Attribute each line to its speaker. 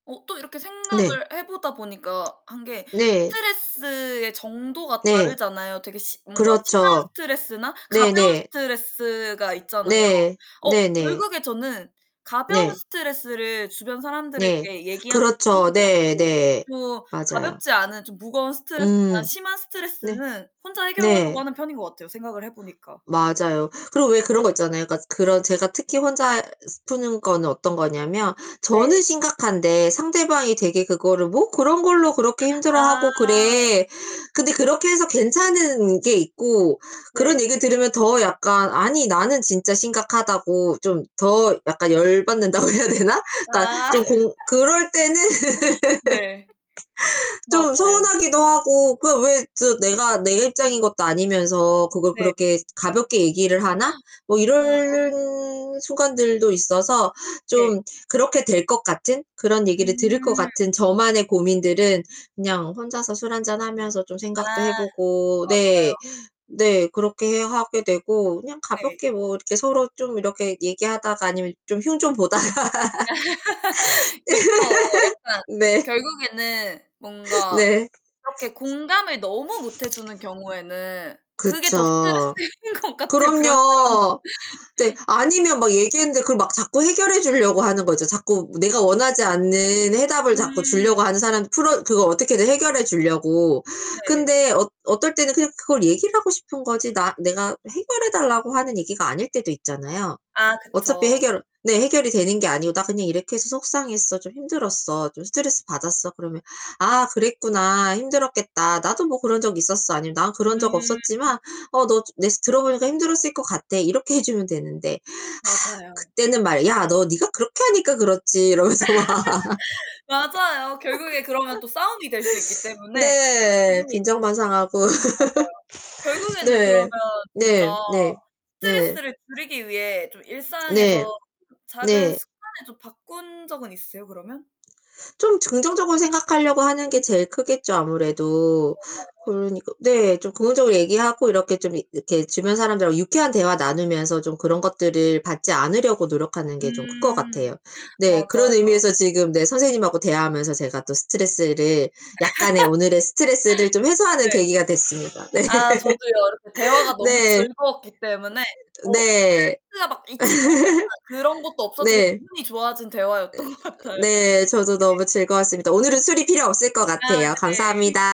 Speaker 1: 어 또 이렇게
Speaker 2: 네.
Speaker 1: 생각을 해 보다 보니까 한 게
Speaker 2: 네.
Speaker 1: 스트레스의 정도가
Speaker 2: 네.
Speaker 1: 다르잖아요. 되게 시 뭔가 심한
Speaker 2: 그렇죠.
Speaker 1: 스트레스나 가벼운
Speaker 2: 네네.
Speaker 1: 스트레스가 있잖아요.
Speaker 2: 네.
Speaker 1: 어
Speaker 2: 네네.
Speaker 1: 결국에 저는 가벼운
Speaker 2: 네.
Speaker 1: 스트레스를 주변
Speaker 2: 네.
Speaker 1: 사람들에게 얘기하는 편인
Speaker 2: 그렇죠.
Speaker 1: 것
Speaker 2: 네
Speaker 1: 같고
Speaker 2: 네.
Speaker 1: 좀
Speaker 2: 맞아요.
Speaker 1: 가볍지 않은 좀 무거운 스트레스나
Speaker 2: 음.
Speaker 1: 심한
Speaker 2: 네.
Speaker 1: 스트레스는 혼자 해결하려고
Speaker 2: 네.
Speaker 1: 하는 편인 것 같아요 생각을 해 보니까.
Speaker 2: 맞아요. 그리고 왜 그런 거 있잖아요. 그니까 그런 제가 특히 혼자 푸는 거는 어떤 거냐면 저는
Speaker 1: 네.
Speaker 2: 심각한데 상대방이 되게 그거를 "뭐 그런 걸로 그렇게
Speaker 1: 아.
Speaker 2: 힘들어하고 그래." 근데 그렇게 해서 괜찮은 게 있고 그런
Speaker 1: 네.
Speaker 2: 얘기 들으면 더 약간 '아니 나는 진짜 심각하다고.' 좀 더 약간 열 받는다고 해야 되나?
Speaker 1: 아.
Speaker 2: 그니까 좀 공 그럴 때는
Speaker 1: 네.
Speaker 2: 좀
Speaker 1: 맞아요.
Speaker 2: 서운하기도 하고 그 왜 저 내가 '내 입장인 것도 아니면서 그걸
Speaker 1: 네.
Speaker 2: 그렇게 가볍게 얘기를 하나?' 뭐
Speaker 1: 아.
Speaker 2: 이럴 순간들도 있어서 좀
Speaker 1: 네.
Speaker 2: 그렇게 될 것 같은 그런 얘기를 들을 것
Speaker 1: 음.
Speaker 2: 같은 저만의 고민들은 그냥 혼자서 술 한잔 하면서 좀
Speaker 1: 아.
Speaker 2: 생각도 해 보고. 네.
Speaker 1: 맞아요.
Speaker 2: 네. 그렇게 해 하게 되고 그냥
Speaker 1: 네.
Speaker 2: 가볍게 뭐 이렇게 서로 좀 이렇게 얘기하다가 아니면 좀 흉 좀 보다가.
Speaker 1: 그쵸 약간
Speaker 2: 네.
Speaker 1: 결국에는 뭔가
Speaker 2: 네.
Speaker 1: 그렇게 공감을 너무 못 해 주는 경우에는 그게 더
Speaker 2: 그쵸.
Speaker 1: 스트레스인 것 같아 그런 사람.
Speaker 2: 그럼요. 네. 아니면 막 얘기했는데 그 막 자꾸 해결해 주려고 하는 거죠. 자꾸 내가 원하지 않는 해답을 자꾸
Speaker 1: 음.
Speaker 2: 주려고 하는 사람 풀어 그거 어떻게든 해결해 주려고.
Speaker 1: 네.
Speaker 2: 근데 어 어떨 때는 그냥 그걸 얘기를 하고 싶은 거지 나 내가 해결해 달라고 하는 얘기가 아닐 때도 있잖아요.
Speaker 1: 아
Speaker 2: 어차피
Speaker 1: 그쵸.
Speaker 2: 해결을 네, 해결이 되는 게 아니고 "나 그냥 이렇게 해서 속상했어. 좀 힘들었어. 좀 스트레스 받았어." 그러면 "아 그랬구나. 힘들었겠다. 나도 뭐 그런 적 있었어." 아니면 "난 그런 적
Speaker 1: 음.
Speaker 2: 없었지만 어 너 내 들어 보니까 힘들었을 것 같아." 이렇게 해 주면 되는데.
Speaker 1: 맞아요.
Speaker 2: 그때는 막 "야 너 니가 그렇게 하니까 그렇지." 이러면서 막.
Speaker 1: 맞아요. 결국에 그러면 또 싸움이 될 수 있기 때문에 확실히 음
Speaker 2: 네.
Speaker 1: 맞아요.
Speaker 2: 빈정만 상하고.
Speaker 1: 결국에는 그러면
Speaker 2: 네. 네.
Speaker 1: 진짜
Speaker 2: 네. 네.
Speaker 1: 스트레스를 줄이기 위해 좀
Speaker 2: 네.
Speaker 1: 일상에서 작은
Speaker 2: 네.
Speaker 1: 습관을 좀 바꾼 적은 있으세요 그러면?
Speaker 2: 좀 저 긍정적으로 생각하려고 하는 게
Speaker 1: 음.
Speaker 2: 제일 크겠죠 아무래도.
Speaker 1: 맞아요
Speaker 2: 그러니까 네 좀 긍정적으로 얘기하고 이렇게 좀 이 이렇게 주변 사람들하고 유쾌한 대화 나누면서 좀 그런 것들을 받지 않으려고 노력하는 게 좀 큰 것
Speaker 1: 음
Speaker 2: 같아요. 네
Speaker 1: 맞아요.
Speaker 2: 그런 의미에서 지금 네 선생님하고 대화하면서 제가 또 스트레스를 약간의 오늘의 스트레스를 좀 해소하는
Speaker 1: 네.
Speaker 2: 계기가 됐습니다. 네.
Speaker 1: 아 저도요. 이렇게 대화가 너무
Speaker 2: 네.
Speaker 1: 즐거웠기 때문에 어
Speaker 2: 네.
Speaker 1: [unintelligible] 막 있진 않았지만 그런 것도 없어지게
Speaker 2: 네.
Speaker 1: 기분이 좋아진 대화였던 것 같아요. 네.
Speaker 2: 네 저도 너무 즐거웠습니다. 오늘은 술이 필요 없을 것
Speaker 1: 아
Speaker 2: 같아요.
Speaker 1: 네.
Speaker 2: 감사합니다.